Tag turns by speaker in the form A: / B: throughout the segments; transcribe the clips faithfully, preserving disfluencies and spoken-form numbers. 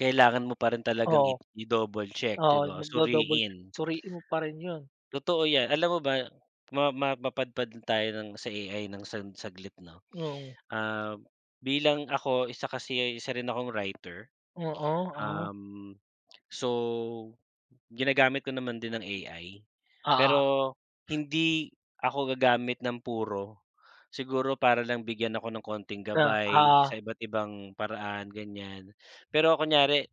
A: Kailangan mo parin talagang
B: Oo.
A: i i-double check 'di
B: Oo,
A: ba,
B: mag-do-double
A: suriin.
B: suriin mo pa rin 'yun.
A: Totoo 'yan, alam mo ba ma ma mapadpad tayo ng sa A-I ng sag saglit 'no.
B: Oo.
A: Ah, bilang ako isa kasi ay isa rin akong writer,
B: Oo, ah.
A: um, so ginagamit ko naman din ang A-I.
B: Oo.
A: Pero hindi ako gagamit ng puro, siguro para lang bigyan ako ng konting
B: Ah,
A: gabay
B: oo.
A: sa iba't ibang paraan, ganiyan. Pero kunyari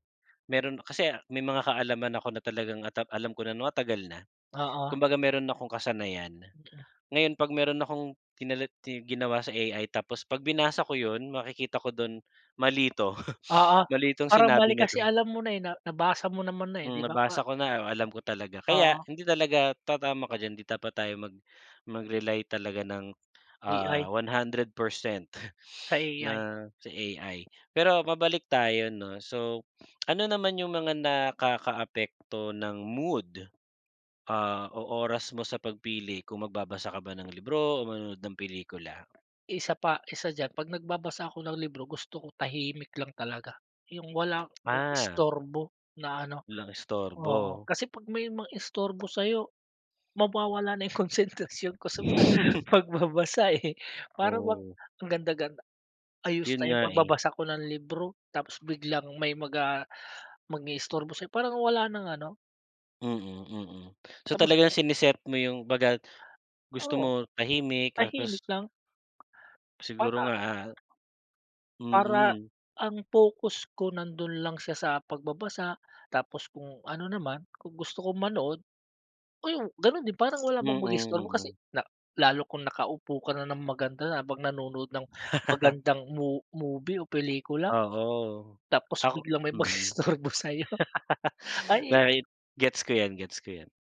A: meron kasi may mga kaalaman ako na talagang ata alam ko na ano matagal na,
B: Oo.
A: kumbaga meron akong kasanayan.
B: Okey.
A: Ngayon 'pag meron akong ginawa sa A-I tapos 'pag binasa ko 'yun makikita ko do'n mali 'to,
B: Oo,
A: mali itong
B: parang mali
A: sinabi na
B: kasi
A: 'to.
B: alam mo na eh, na nabasa mo naman na eh, 'di
A: Hmm,
B: ba pa
A: nabasa ko na, alam ko talaga. Kaya
B: Oo.
A: hindi talaga tatama ka diyan hindi dapat tayo mag mag-rely talaga ng,
B: A-I.
A: ah, one hundred percent
B: Sa
A: na
B: A-I.
A: si AI. Pero mabalik tayo 'no, so ano naman 'yung mga nakakaapekto ng mood, ah, o oras mo sa pagpili kung magbabasa ka ba ng libro o manonood ng pelikula?
B: Isa pa isa diyan 'pag nagbabasa ako ng libro gusto ko tahimik lang talaga, 'yung wala walang
A: Ah.
B: istorbo na ano.
A: Walang
B: Oo
A: istorbo.
B: kasi 'pag may mang-istorbo sa'yo mawawala na 'yung konsentrasyon ko sa pagbabasa, eh, parang bang
A: Oo.
B: ang ganda ganda, ayos
A: 'Yun
B: na 'yung
A: nga eh.
B: pagbabasa ko ng libro tapos biglang may mag ah mang-iistorbo sa'yo parang wala ng ano
A: Mm, mm. So
B: Tapos.
A: talaga sini-set mo 'yung 'baga gusto
B: Oo.
A: mo tahimik tapos
B: Tahimik lang.
A: Siguro nga
B: Bata.
A: ah
B: Para
A: mm.
B: ang focus ko nandun lang siya sa pagbabasa, tapos kung ano naman kung gusto ko manood, oh ganun din parang wala
A: Mm,
B: bang mag-istorbo kasi
A: mm.
B: na lalo kung nakaupo ka na ng maganda na habang nanonood ng magandang mov movie o pelikula.
A: Oo,
B: Tapos
A: ako
B: biglang may
A: mm.
B: mag-i-istorbo sa'yo, ay!
A: Kahit gets ko yan, gets ko 'yan.